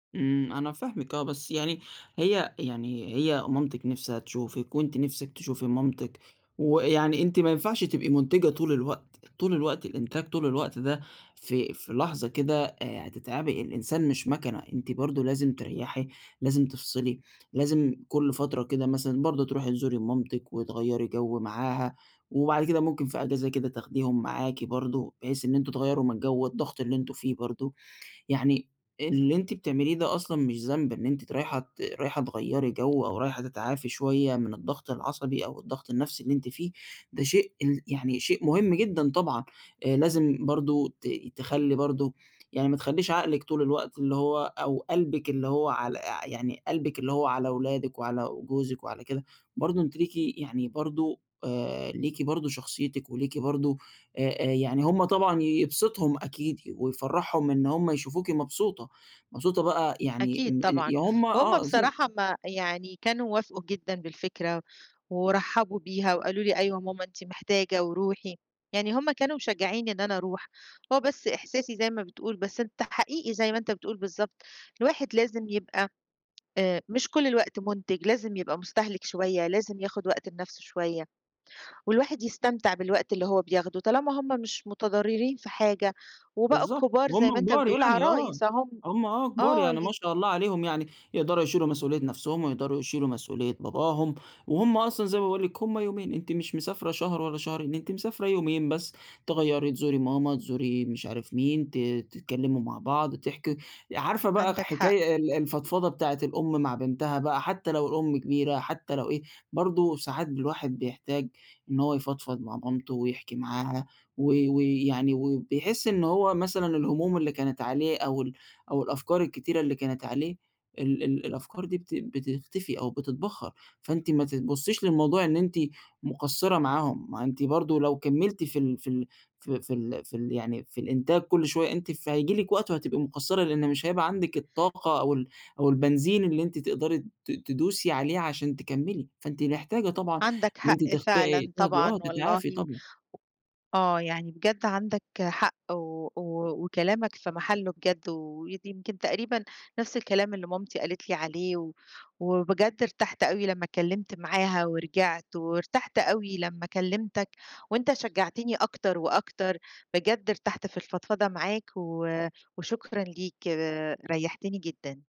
إمم، أنا فاهمِك آه، بس يعني هي يعني هي مامتِك نِفْسها تشوفِك، وأنتِ نِفْسِك تشوفي مامتِك، و يعني أنتِ ما ينفعش تبقي منتجة طُول الوقت، طُول الوقت إنتاج، طُول الوقت، ده في في لحظة كده هتتعبي، الإنسان مش ماكنة، أنتِ برضه لازم تريحي، لازم تفصِلي، لازم كُلّ فترة كده مثلًا برضه ترُوحي تزوري مامتِك، وتغيّري جو معاها، وبعد كده ممكن في أجازة كده تاخديهم معاكِ برضه، بحيث إن أنتم تغيّروا من الجو والضغط اللي أنتم فيه برضه، يعني اللي أنتِ بتعمليه ده أصلًا مش ذنب، إن أنتِ ت رايحة ت رايحة تغيّري جو، أو رايحة تتعافي شوية من الضغط العصبي، أو الضغط النفسي اللي أنتِ فيه، ده شيء ال يعني شيء مهم جدًا طبعًا، آآ لازم برضه ت تخلّي برضه يعني ما تخلّيش عقلِك طُول الوقت اللي هو، أو قلبِك اللي هو على أ يعني قلبِك اللي هو على ولادِك، وعلى جوزِك، وعلى كده، برضه أنتِ ليكِ يعني برضه آآ ليكِ برضه شخصيتِك، وليكِ برضه آآ يعني هُم طبعًا يبسطهم أكيد، ويفرحهم إن هُم يشوفوكِ مبسوطة، مبسوطة بقى يعني أكيد م طبعًا، يا هُم هُم آه ز بصراحة ما يعني كانوا وافقوا جدًا بالفكرة، ورحبوا بيها، وقالوا لي أيوه يا ماما أنتِ محتاجة، ورُوحي، يعني هُم كانوا مشجعينني إن أنا أرُوح، هو بس إحساسي زَي ما بتقول، بس أنت حقيقي زَي ما أنت بتقول بالضبط، الواحد لازم يبقى آآ مش كُلّ الوقت منتج، لازم يبقى مستهلك شوية، لازم ياخد وقت لنَفْسه شوية، والواحد يستمتع بالوقت اللي هو بياخده، طالما هُم مش متضررين في حاجة، وبقوا بالضبط، كبار زَي ما وهُم أنت كبار بتقول، يعني، آه، عرايس اهُم هُم آه كبار آه يعني ما ي شاء الله عليهم يعني، يقدَروا يشيلوا مسؤولية نَفْسهم، ويقدَروا يشيلوا مسؤولية باباهم، وهُم أصلًا زَي ما باقول لِك، هُم يومين، أنتِ مش مسافرة شهر والّا شهرين، أنتِ مسافرة يومين بس، تغيّري، تزوري ماما، تزوري مش عارف مين، ت تتكلموا مع بعض، تحكي، عارفة بقى عندك حق. حكاية ال الفضفضة بتاعة الأم مع بنتها بقى، حتى لو الأم كبيرة، حتى لو إيه، برضه ساعات الواحد بيحتاج إن هو يفضفض مع مامته، ويحكي معاها، و و يعني وبيحس إن هو مثلًا الهموم اللي كانت عليه، أو ال أو الأفكار الكتيرة اللي كانت عليه، ال ال الأفكار دي بت بتختفي أو بتتبخر، فأنتِ ما ت تبصيش للموضوع إن أنتِ مقصرة معاهم، ما أنتِ برضه لو كملتِ في ال في ال في في ال في ال يعني في الإنتاج كُلّ شوية أنتِ، فهييجي لكِ وقت وهتبقي مقصرة، لإن مش هيبقى عندِك الطاقة، أو ال أو البنزين اللي أنتِ تقدَري ت تدوسي عليه عشان تكملي، فأنتِ محتاجة طبعًا عندك إن أنتِ حق تختا فعلًا تاخدي آه طبعًا تتعافي والله. طبعًا. آه، يعني بجد عندك حق، و وكلامك في محله بجد، و ودي يمْكِن تقريبًا نَفْس الكلام اللي مامتي قالت لي عليه، وبجد ارتحت أوي لمّا اتكلمت معاها ورجِعت، وارتحت أوي لمّا كلمتك، وأنت شجعتني أكتر وأكتر، بجد ارتحت في الفضفضة معاك، و وشكرًا ليك، ريحتني جدًا.